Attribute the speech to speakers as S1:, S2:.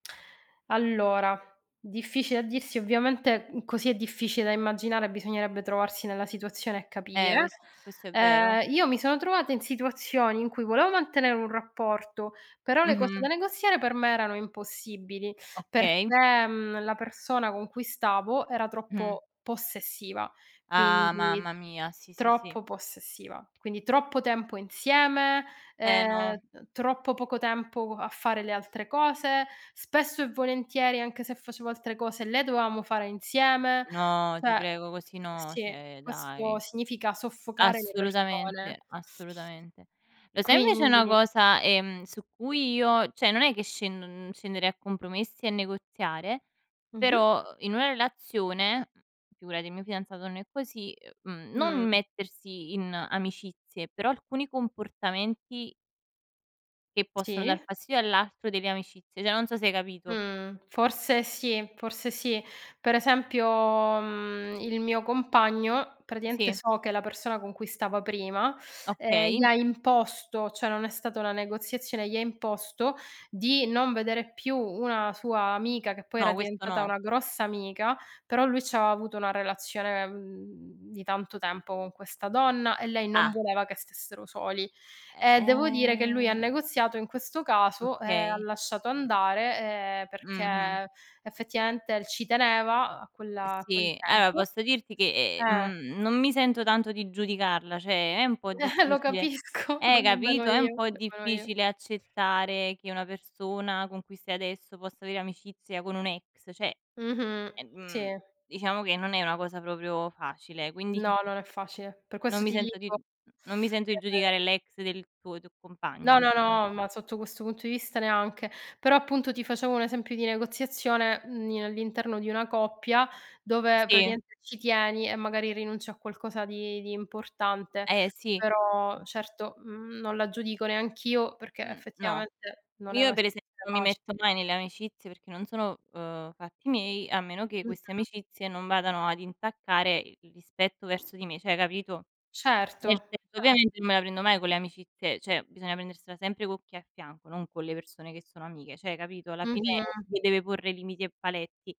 S1: Allora, difficile a dirsi, ovviamente, mhmm, così è difficile da immaginare, bisognerebbe trovarsi nella situazione e
S2: Eh,
S1: capire.
S2: ques questo è vero.
S1: Ehm, io mi sono trovata in situazioni in cui volevo mantenere un rapporto, però le cose da
S2: Mh-mh.
S1: negoziare per me erano impossibili.
S2: Okay.
S1: Perché, mhmm, la persona con cui stavo era
S2: Mh.
S1: troppo possessiva,
S2: Ah,
S1: quindi
S2: mamma mia, sì, sì, sì.
S1: troppo possessiva. Quindi troppo tempo insieme,
S2: Eh
S1: ehm,
S2: no.
S1: ehm, troppo poco tempo co a fare le altre cose. Spesso e volentieri, anche se facevo altre cose, le dovevamo fare insieme.
S2: No,
S1: Cioè
S2: ti
S1: ehm,
S2: prego così no,
S1: sì,
S2: cioè
S1: questo
S2: dai.
S1: significa soffocare le persone.
S2: Assolutamente, assolutamente. Lo sai invece una
S1: Quindi
S2: cosa, ehm, su cui io cioè non è che scend non scenderei a compromessi e negoziare,
S1: Mh-mh.
S2: però, ehm, in una relazione, mhmm- figurati il mio fidanzato non è così- ehm, mhmm,
S1: Mh.
S2: non mettersi in amicizie, però alcuni comportamenti che possono
S1: Sì.
S2: dar fastidio all'altro delle amicizie, cioè non so se hai capito.
S1: Mhmm, forse sì, forse sì. Per esempio, mhmm, il mio compagno praticamente
S2: Sì.
S1: so che la persona con cui stava prima, ehm, gli
S2: Okay.
S1: ha imposto, cioè non è stata una negoziazione, gli ha imposto di non vedere più una sua amica che poi era
S2: No, questo
S1: diventata
S2: no.
S1: una grossa amica, però lui c'aveva avuto una relazione, mhmm, di tanto tempo con questa donna e lei non
S2: A
S1: voleva che stessero soli. E
S2: Eh,
S1: devo dire che lui ha
S2: ehm.
S1: negoziato in questo caso e ha
S2: Okay.
S1: lasciato andare, ehm,
S2: Mh-mh.
S1: perché effettivamente ci teneva a
S2: Eh
S1: quella a quel
S2: sì, allora
S1: tempo.
S2: posso dirti che, ehm,
S1: Eh.
S2: mhmm, non mi sento tanto di giudicarla, cioè è un po'
S1: Lo
S2: difficile
S1: capisco,
S2: eh
S1: nemmeno
S2: capito, è un
S1: io.
S2: po'
S1: Nemmeno io.
S2: difficile accettare che una persona con cui stai adesso possa avere amicizia con un ex, cioè,
S1: Mh-mh,
S2: ehm,
S1: sì.
S2: diciamo che non è una cosa proprio facile, quindi
S1: No, non è facile. Per
S2: non
S1: questo
S2: mi
S1: ti
S2: sento di mh
S1: dico,
S2: mhmm, non mi sento di
S1: ehm
S2: giudicare l'ex del tuo tuo compagno,
S1: No, no,
S2: diciamo.
S1: no, ma sotto questo punto di vista neanche. Però appunto ti facevo un esempio di negoziazione, mhmm, in all'interno di una coppia, dove
S2: Sì.
S1: praticamente ci tieni e magari rinunci a qualcosa di di importante.
S2: Eh sì. Mh.
S1: Però certo, mhmm, non la giudico neanch'io perché
S2: Mh, no.
S1: effettivamente non è
S2: Io
S1: una
S2: per
S1: sit
S2: esempio
S1: [unintelligible]
S2: non mi
S1: facile.
S2: metto mai nelle amicizie perché non sono, uhm, fatti miei, a meno che queste
S1: Mh-mh.
S2: amicizie non vadano ad intaccare i il rispetto verso di me, cioè capito? Nel
S1: Certo,
S2: senso
S1: cer
S2: ovviamente non me la prendo mai con le amicizie, cioè bisogna prendersela sempre con chi hai a fianco, non con le persone che sono amiche, cioè capito, alla fine
S1: Mh-mh.
S2: le deve porre limiti e paletti.